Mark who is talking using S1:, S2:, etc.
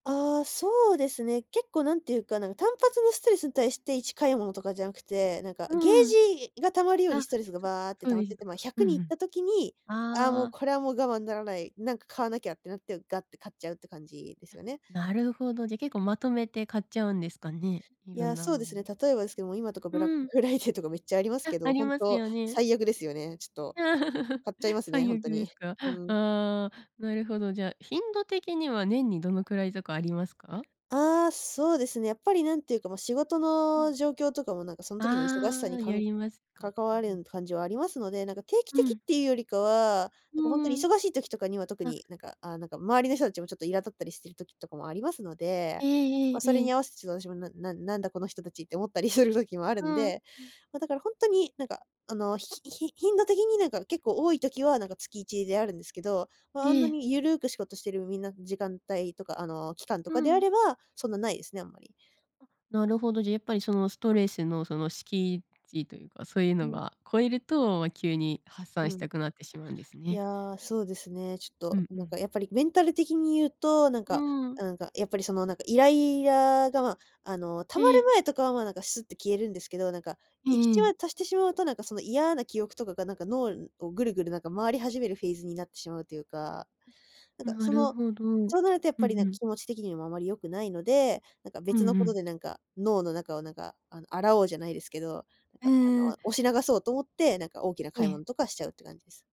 S1: ああ、そうですね。結構何ていうか、なんか、単発のストレスに対して1買いものとかじゃんくて、なんかゲー
S2: うん。
S1: ジが溜まるように
S2: あ、
S1: ストレスが
S2: す
S1: バーって
S2: そう
S1: 溜ま
S2: で
S1: って
S2: い
S1: っ
S2: と
S1: て、まあ、
S2: か。
S1: ひゃ
S2: う
S1: く
S2: ん
S1: に
S2: う
S1: 行っ
S2: ん。
S1: た時に、あ、も
S2: あ
S1: う、
S2: あ。
S1: これはもう我慢ならない、なんか買わなきゃってなって、ガッて買っちゃうって感じです
S2: や、
S1: よね。
S2: なるほど、じゃ、結構まとめて買っちゃうんですかね？
S1: い
S2: 色
S1: や、
S2: んな
S1: そう
S2: も
S1: ですね、
S2: ん。
S1: 例えばですけども、今とか
S2: う
S1: ブラック
S2: ん。
S1: フライデーとかめっちゃあります
S2: あ、
S1: け
S2: あ
S1: ど、
S2: り
S1: ほん
S2: ます
S1: と
S2: よね。
S1: 最悪ですよね、ちっと、買っちゃいますね、ほ
S2: 最
S1: ん
S2: 悪
S1: と
S2: で
S1: に。
S2: すか？
S1: う
S2: あ
S1: ん。
S2: あ、なるほど、じゃあ、頻度的には年にどのくらいとかありますか？
S1: ああ、そうですね。やっぱり何ていうか、ま、仕事
S2: うん。
S1: の状況とかも、なんか、そん時の忙しさ
S2: あ
S1: に
S2: あ、
S1: か
S2: や
S1: ん
S2: りますか？
S1: 関
S2: う
S1: わ
S2: ん
S1: る
S2: う
S1: ん
S2: ん。
S1: 感じはありますので、なんか定期
S2: う
S1: 的っ
S2: ん。
S1: ていうよりかは、なんかほんと
S2: う
S1: に
S2: ーん。
S1: 忙しい時とかには、特
S2: あ。
S1: になんか、ああ、なんか周りの人たちもちょっと苛立ったりしてる時とかもありますので、
S2: えええ
S1: ま、
S2: え
S1: それ
S2: え
S1: に
S2: え。
S1: 合わせてちょっと私もなんなんなんだこの人たちって思ったりする時もある
S2: う
S1: ん
S2: ん、うん。
S1: で、ま、だからほんとに、なんか、あの、ひいひ頻度的になんか結構多い時は、なんか月1であるんですけど、まあ、あん
S2: え
S1: な
S2: え。
S1: に緩く仕事してるみんな時間帯とか、あの、期間と
S2: う
S1: かであ
S2: ん。
S1: れば、そんなないですね、あんまり。
S2: あ、なるほど、じゃ、やっぱりそのストレスのその閾値というか、そういう
S1: う
S2: の
S1: ん。
S2: が超えると、ま、急に発
S1: う
S2: 散し
S1: ん。
S2: たくなってしまうんです
S1: い
S2: ね。
S1: や、そうですね。ちょっ
S2: う
S1: と
S2: んう
S1: なん
S2: ん。
S1: か、やっぱりメンタル的に言うと、なん
S2: う
S1: か、
S2: ーん。
S1: あ、なんか、やっぱりそのなんか、イライラがまあ、あの、溜ま
S2: え
S1: る
S2: え。
S1: 前とかは、ま、なんかすって消えるんですけど、なんか、
S2: ええ、う
S1: 閾値ま
S2: ん。
S1: で達してしまうと、なんか、その嫌な記憶とかがなんか、脳をぐるぐるなんか、回り始めるフェーズになってしまうというか、なん
S2: う
S1: か、
S2: な
S1: そ
S2: る
S1: の、
S2: ほど、うん
S1: そうなるとやっ
S2: う
S1: ぱりなんか、
S2: ん。
S1: 気持ち的にもあまり良くないので、なんか、
S2: う
S1: 別
S2: ん
S1: の
S2: う
S1: こと
S2: ん。
S1: でなんか、脳の中をなんか、あの、洗おうじゃないですけど、なん
S2: う
S1: か、あ
S2: ーん。
S1: の、押し流そうと思って、なんか大きな
S2: え
S1: 買いも
S2: え。
S1: んとかしちゃうって感じです。